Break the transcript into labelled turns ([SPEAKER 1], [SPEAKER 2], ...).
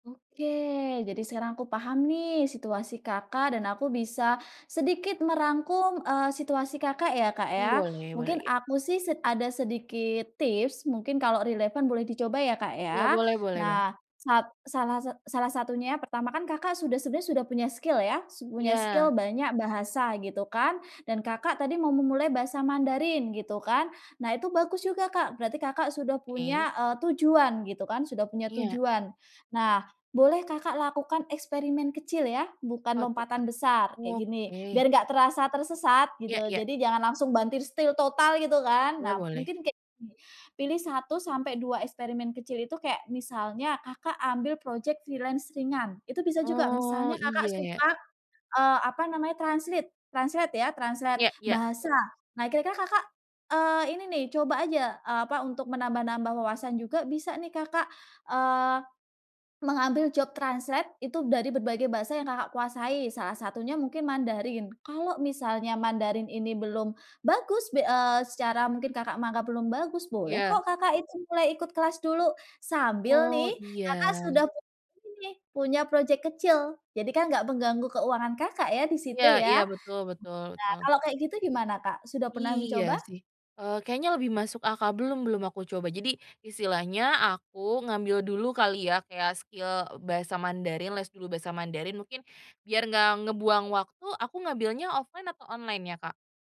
[SPEAKER 1] Oke, jadi sekarang aku paham nih situasi Kakak dan aku bisa sedikit merangkum, eee, situasi Kakak ya, Kak,
[SPEAKER 2] Mmm,
[SPEAKER 1] ya.
[SPEAKER 2] boleh boleh,
[SPEAKER 1] Mungkin
[SPEAKER 2] iya.
[SPEAKER 1] aku sih sed ada sedikit tips, mungkin kalau relevan boleh dicoba ya, Kak,
[SPEAKER 2] Ya,
[SPEAKER 1] ya.
[SPEAKER 2] boleh boleh banget.
[SPEAKER 1] Nah, sat salah sat salah satunya yang pertama kan Kakak sudah sebenernya sudah punya skill, ya, sud punya skill
[SPEAKER 2] Iya.
[SPEAKER 1] banyak, bahasa, gitu kan, dan Kakak tadi mau memulai bahasa Mandarin, gitu kan. Nah, itu bagus juga, Kak. Berarti Kakak sudah
[SPEAKER 2] Oke.
[SPEAKER 1] punya, eee, tujuan, gitu kan, sudah punya
[SPEAKER 2] Iya.
[SPEAKER 1] tujuan. Nah, boleh Kakak lakukan eksperimen kecil, ya, bukan
[SPEAKER 2] Apa tuh,
[SPEAKER 1] lompatan
[SPEAKER 2] Kak?
[SPEAKER 1] besar, kayak gini, biar
[SPEAKER 2] Oke.
[SPEAKER 1] nggak terasa tersesat
[SPEAKER 2] Iya
[SPEAKER 1] gitu,
[SPEAKER 2] iya.
[SPEAKER 1] jadi jangan langsung banting setir total, gitu kan.
[SPEAKER 2] Iya,
[SPEAKER 1] Nah,
[SPEAKER 2] boleh.
[SPEAKER 1] mungkin kayak gini, pilih 1 sampai 2 eksperimen kecil, itu kayak misalnya Kakak ambil projek freelance ringan. Itu bisa juga
[SPEAKER 2] Oh,
[SPEAKER 1] misalnya Kakak
[SPEAKER 2] iya, ya.
[SPEAKER 1] suka, eee, apa namanya, translate. Translate, ya, translate
[SPEAKER 2] Iya iya.
[SPEAKER 1] bahasa.
[SPEAKER 2] Betul.
[SPEAKER 1] Nah, kira-kira Kakak, eee, ini nih, coba aja, eee, apa, untuk menambah-nambah wawasan juga bisa nih, Kakak, eee, mengambil job translate itu dari berbagai bahasa yang Kakak kuasai, salah satunya mungkin Mandarin. Kalau misalnya Mandarin ini belum bagus, be eee, secara mungkin Kakak menganggap belum bagus, boleh
[SPEAKER 2] Iya.
[SPEAKER 1] kok Kakak itu mulai ikut kelas dulu, sambil
[SPEAKER 2] Oh,
[SPEAKER 1] nih, Kakak sudah
[SPEAKER 2] iya.
[SPEAKER 1] punya ini nih, punya projek kecil. Jadi kan nggak mengganggu keuangan Kakak, ya, di situ,
[SPEAKER 2] Iya iya.
[SPEAKER 1] ya. Nah,
[SPEAKER 2] Betul betul betul.
[SPEAKER 1] kalau kayak gitu gimana, Kak, sudah pernah
[SPEAKER 2] Iya
[SPEAKER 1] mencoba?
[SPEAKER 2] sih. Eee, kayaknya lebih masuk akal. Belum belum aku coba, jadi istilahnya aku ngambil dulu kali, ya, kayak skill bahasa Mandarin, les dulu bahasa Mandarin, mungkin biar enggak ngebuang waktu aku ngambilnya offline atau online ya, Kak?